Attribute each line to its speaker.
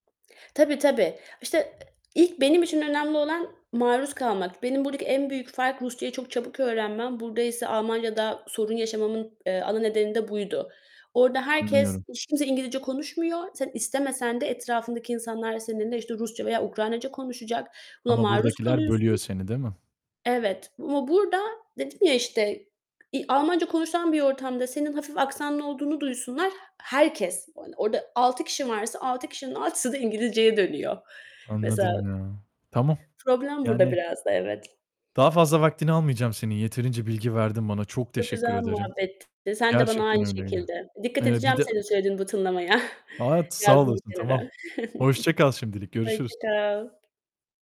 Speaker 1: Tabii, tabii. İşte, ilk benim için önemli olan maruz kalmak. Benim buradaki en büyük fark Rusçayı çok çabuk öğrenmem. Burdaysa Almanya'da sorun yaşamamın, eee, ana nedeni de buydu. Orada herkes
Speaker 2: Anlıyorum.
Speaker 1: hiç kimse İngilizce konuşmuyor. Sen istemesen de etrafındaki insanlar seninle, işte, Rusça veya Ukraynaca konuşacak. Buna
Speaker 2: Ama
Speaker 1: maruz
Speaker 2: buradakiler bölüyor
Speaker 1: kalıyorsun.
Speaker 2: seni, değil mi?
Speaker 1: Evet ama burada dedim ya, işte, i Almanca konuşulan bir ortamda senin hafif aksanlı olduğunu duysunlar, herkes, hani, orada 6 kişi varsa 6 kişinin 6'sı da İngilizceye dönüyor mesela.
Speaker 2: Anladım ya. Tamam,
Speaker 1: Problem burada
Speaker 2: yani,
Speaker 1: biraz da evet.
Speaker 2: daha fazla vaktini almayacağım senin. Yeterince bilgi verdin bana. Çok
Speaker 1: Çok
Speaker 2: teşekkür
Speaker 1: güzel
Speaker 2: ederim.
Speaker 1: muhabbetti. Eee, sen de bana
Speaker 2: Gerçekten
Speaker 1: aynı
Speaker 2: öyleydi.
Speaker 1: şekilde. Dikkat
Speaker 2: Eee, bir
Speaker 1: edeceğim
Speaker 2: de
Speaker 1: senin söylediğin bu tınlamaya.
Speaker 2: A, evet sağ
Speaker 1: Yazdım bir
Speaker 2: olasın,
Speaker 1: kenara.
Speaker 2: tamam. Hoşça kal şimdilik.
Speaker 1: Hoşça
Speaker 2: Görüşürüz.
Speaker 1: kal.